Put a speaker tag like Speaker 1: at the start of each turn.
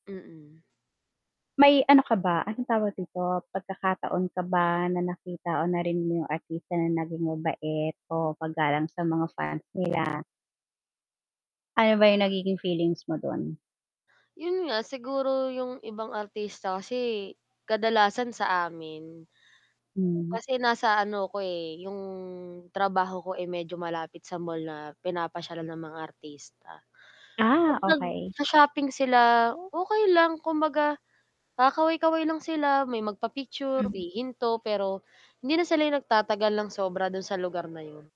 Speaker 1: Mm.
Speaker 2: May ano ka ba, anong tawag dito, pagkakataon ka ba na nakita o narinig mo yung artista na naging mabait o paggalang sa mga fans nila? Ano ba yung nagiging feelings mo dun?
Speaker 1: Yun nga, siguro yung ibang artista kasi kadalasan sa amin
Speaker 2: Hmm.
Speaker 1: Kasi nasa ano ko, eh, yung trabaho ko ay medyo malapit sa mall na pinapasyalan ng mga artista.
Speaker 2: Ah,
Speaker 1: 'Pag
Speaker 2: okey.
Speaker 1: nagsha-shopping sila, okey lang kumbaga, kakaway-kaway lang sila, may magpa-picture,
Speaker 2: Hmm.
Speaker 1: hihinto, pero hindi na sila 'yong nagtatagal ng sobra dun sa lugar na yun.